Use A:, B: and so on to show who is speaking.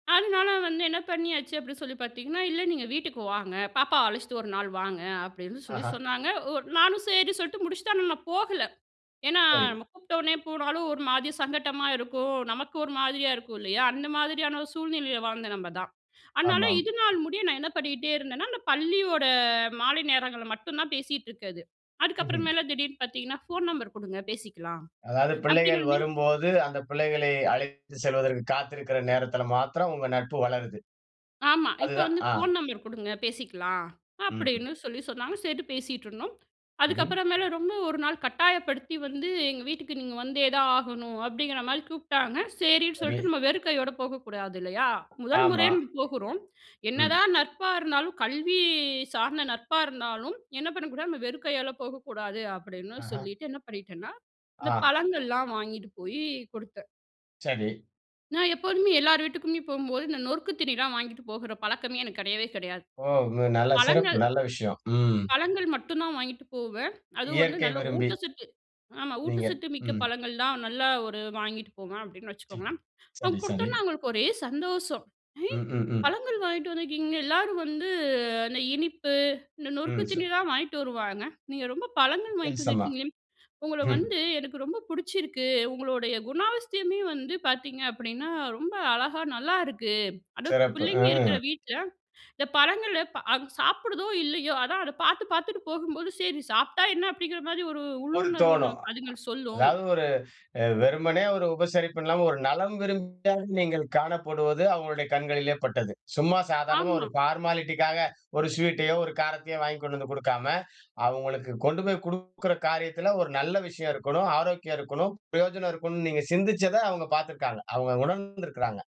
A: அதனால வந்து என்ன பண்ணியாச்சு? அப்டின்னு சொல்லி பார்த்தீங்கன்னா, இல்ல நீங்க வீட்டுக்கு வாங்க. பாப்பாவ அழைச்சுட்டு 1 நாள் வாங்க. அப்டின்னு சொல்லி
B: ஆஹா.
A: சொன்னாங்க. ஒ நானும் சரின்னு சொல்லிட்டு முடிச்சிட்டேன் ஆனா, நான் போகல. ஏனா,
B: சரி.
A: நம்ம கூப்பிட்ட உடனே போனாலும் ஒரு மாரி சங்கட்டமா இருக்கும். நமக்கு ஒரு மாதிரியா இருக்கும் இல்லயா? அந்த மாரியான ஒரு சூழ்நிலயில வாழ்ந்த நம்ப தான். அதனால
B: ஆமாம்.
A: இதனால் முடிய நான் என்ன பண்ணிகிட்டே இருந்தேன்னா அந்த பள்ளியோட மாலை நேரங்கள்ல மட்டும் தான் பேசிட்டு இருக்கது.
B: ம்ஹம்.
A: அதுக்கப்புறமேல திடீர்னு பார்த்தீங்கன்னா, ஃபோன் நம்பர் குடுங்க பேசிக்கலாம்
B: அதாது பிள்ளைகள்
A: அப்டிங்கிற மாரி
B: வரும்போது அந்த பிள்ளைகளை அழைத்து செல்வதற்கு காத்திருக்கிற நேரத்தில மாத்திரம் உங்க நட்பு வளருது.
A: ஆமா, இப்ப
B: அதுதான்.
A: வந்து
B: ஆ
A: ஃபோன் நம்பர் குடுங்க பேசிக்கலாம்
B: ம்ஹம்.
A: அப்டின்னு சொல்லி சொன்னாங்க. சேரின்ட்டு பேசிட்டுருந்தோம்.
B: ம்ஹம்.
A: அதுக்கப்புறமேல ரொம்ப 1 நாள் கட்டாயப்படுத்தி வந்து ''எங்க வீட்டுக்கு நீங்க வந்தே தான் ஆகணும்'' அப்டிங்கிற மாரி கூப்ட்டாங்க. சரின்னு
B: சரி.
A: சொல்ட்டு நம்ம வெறுக்கையோட போகக்கூடாது இல்லையா? முதல்
B: ஆமா.
A: முறையா நம்ம போகுறோம்.
B: ம்.
A: என்னதான் நட்பா இருந்தாலும். கல்வி சார்ந்த நட்பா இருந்தாலும் என்ன பண்ணக்கூடாது? நம்ம வெறுக்கையால போகக்கூடாது. அப்டின்னு
B: ஆஹா.
A: சொல்லிட்டு என்ன பண்ணிட்டேன்னா அந்த
B: ஆ.
A: பழங்கள்லாம் வாங்கிட்டு போய் குடுத்தேன்.
B: சரி.
A: நான் எப்போதுமே எல்லார் வீட்டுக்குமே போகும்போது இந்த நொருக்கு தீனிலாம் வாங்கிட்டு போகுற பழக்கமே எனக்கு கிடையவே கிடையாது.
B: ஓ! நல்ல சிறப்பு,
A: பழங்கள்
B: நல்ல விஷயம். ம்.
A: பழங்கள் மட்டும்தான் வாங்கிட்டு போவேன். அதுவும் வந்து
B: இயற்கை
A: நல்ல
B: விரும்பி.
A: ஊட்டச்சத்து ஆமா
B: நீங்க.
A: ஊட்டச்சத்து மிக்க
B: ம்.
A: பழங்கள் தான் நல்லா ஒரு வாங்கிட்டு போவேன் அப்டின்னு வச்சுக்கோங்களேன். அவங்க
B: சரி சரி.
A: குடுத்தோனே அவங்களுக்கு ஒரே சந்தோஷம். ''ஏ
B: ம். ம். ம்.
A: பழங்கள் வாங்கிகிட்டு வந்துக்கிங்க. எல்லாரும் வந்து அந்த இனிப்பு இந்த நொறுக்கு
B: ம்.
A: தீனி தான் வாங்கிட்டு வருவாங்க. நீங்க ரொம்ப பழங்கள் வாங்கி
B: வித்தியாசமா.
A: வந்துருக்கீங்களே உங்கள
B: ம்.
A: வந்து எனக்கு ரொம்ப புடிச்சிருக்கு. உங்களுடைய குணாபஸ்தியமே வந்து பார்த்தீங்க அப்டின்னா ரொம்ப அழகா நல்லாருக்கு. அது
B: சிறப்பு.
A: பிள்ளைங்க இருக்கிற
B: அ.
A: வீட்ல இந்த பழங்கள அ சாப்பிடுதோ இல்லயோ அதான் அத பார்த்து பார்த்துட்டு போகும்போது சரி சாப்பிட்டா என்ன? அப்டிங்கிற மாரி ஒரு
B: ஒரு
A: உள்ளுணர்வு
B: தோணும். ஆ.
A: நமக்கு அதுங்கள் சொல்லும்.''
B: அதாது ஒரு வெறுமனே ஒரு உபசரிப்பு இல்லாம ஒரு நலம் விரும்பியா நீங்கள் காணப்படுவது அவங்களுடைய கண்களிலே பட்டது. சும்மா சாதாரணமா ஒரு
A: ஆமா.
B: பார்மாலிட்டிக்காக ஒரு ஸ்வீட்டையோ, ஒரு காரத்தையோ வாங்கி கொண்டு வந்து குடுக்காம, அவங்களுக்கு கொண்டு போய் குடுக்குற காரியத்துல ஒரு நல்ல விஷயம் இருக்கணும், ஆரோக்கியம் இருக்கணும், பிரயோஜனம் இருக்கணும்னு நீங்க சிந்திச்சத அவங்க பாத்திருக்காங்க. அவங்க உணர்ந்திருக்கிறாங்க.